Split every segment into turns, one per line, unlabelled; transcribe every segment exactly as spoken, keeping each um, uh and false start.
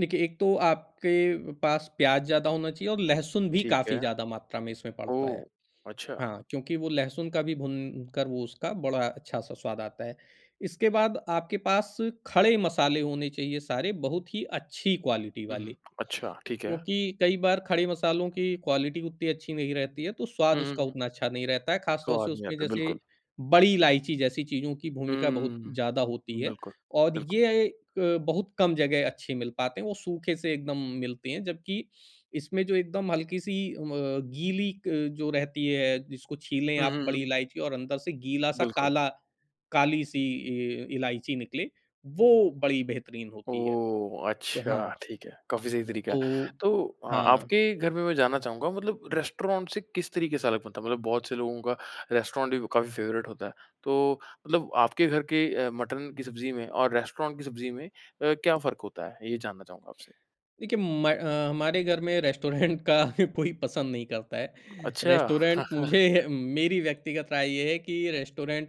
देखिए, एक तो आप के पास प्याज ज़्यादा होना चाहिए और लहसुन भी
ठीक
काफ़ी
है।
ज़्यादा मात्रा में इसमें पड़ता
ओह!
है।
अच्छा।
हाँ, क्योंकि वो लहसुन का भी भुन कर वो उसका बड़ा अच्छा-सा स्वाद आता है। इसके बाद आपके पास खड़े मसाले होने चाहिए सारे, बहुत ही अच्छी क्वालिटी
हुँ,
वाले,
हुँ। अच्छा, ठीक है।
क्योंकि कई बार खड़े मसालों की क्वालिटी उतनी अच्छी नहीं रहती है, तो
हुँ,
स्वाद
हुँ,
उसका
हुँ।
उतना अच्छा नहीं रहता है। खास तौर से
स्वाद नहीं
उसमें
आता,
जैसे
बिल्कुल।
बड़ी इलायची जैसी चीज़ों की भूमिका बहुत
हुँ।
ज़्यादा होती है
बिल्कुल,
और
बिल्कुल।
ये अ, बहुत कम जगह अच्छे मिल पाते हैं। वो सूखे से एकदम मिलती है, जबकि इसमें जो एकदम हल्की-सी अ, गीली अ, जो रहती है जिसको छीलें
हुँ,
आप
हुँ,
बड़ी
हुँ।
इलायची और अंदर से गीला-सा
बिल्कुल।
काला काली-सी इ इलायची निकले, वो बड़ी बेहतरीन होती है।
ओह!
तो
अच्छा,
हाँ।
ठीक है। काफ़ी सही तरीका है,
तो
तो अ,
हाँ।
आपके घर में मैं जानना चाहूँगा मतलब रेस्टोरेंट से किस तरीके से अलग बनता है? मतलब बहुत से लोगों का रेस्टोरेंट ही काफ़ी फेवरेट होता है। तो मतलब आपके घर के अ, मटन की सब्ज़ी में और रेस्टोरेंट की सब्ज़ी में अ, क्या फ़र्क होता है? ये जानना चाहूँगा आपसे।
देखिए, म हमारे घर में रेस्टोरेंट का कोई पसंद नहीं करता है।
अच्छा।
रेस्टोरेंट मुझे मेरी व्यक्तिगत राय ये है कि रेस्टोरेंट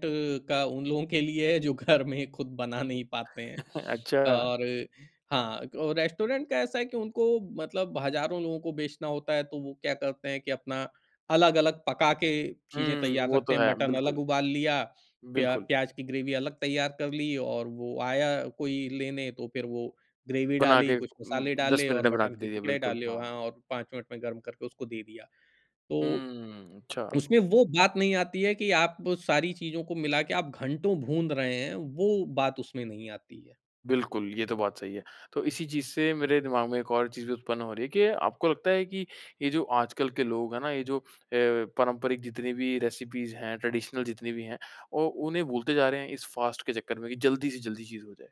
का उन लोगों के लिए है, जो घर में खुद बना नहीं पाते हैं।
अच्छा।
और हाँ, और रेस्टोरेंट का ऐसा है कि उनको मतलब हज़ारों लोगों को बेचना होता है, तो वो क्या करते हैं कि अपना अलग-अलग पका के चीजें
हुँ।
तैयार
वो
रखते
तो
हैं।
है,
मटन
बिल्कुल।
अलग उबाल लिया, प्या
बिल्कुल।
प्याज की ग्रेवी अलग तैयार कर ली और वो आया कोई लेने तो फिर वो ग्रेवी
बना
डाली,
के
कुछ
उम,
मसाले
दस
डाले
मिनट
और
में बना
मटन
के
के
दे दिया,
टुकड़े
बिल्कुल,
डाले व हाँ,
हाँ।
और पाँच मिनट में गरम करके उसको दे दिया। तो,
हुँ, अच्छा।
उसमें वो बात नहीं आती है, कि आप सारी चीज़ों को मिला के आप घंटो भूंध रहे हैं, वो बात उसमें नहीं आती है।
बिल्कुल, ये तो बात सही है। तो इसी चीज़ से मेरे दिमाग में एक और चीज़ भी उत्पन्न हो रही है कि आपको लगता है कि, ये जो आजकल के लोग है ना, ये जो अ, पारंपरिक जितनी भी रेसिपीज हैं, ट्रेडिशनल जितनी भी हैं, औ उन्हें भूलते जा रहे हैं इस फास्ट के चक्कर में कि जल्दी से जल्दी चीज़ हो जाए?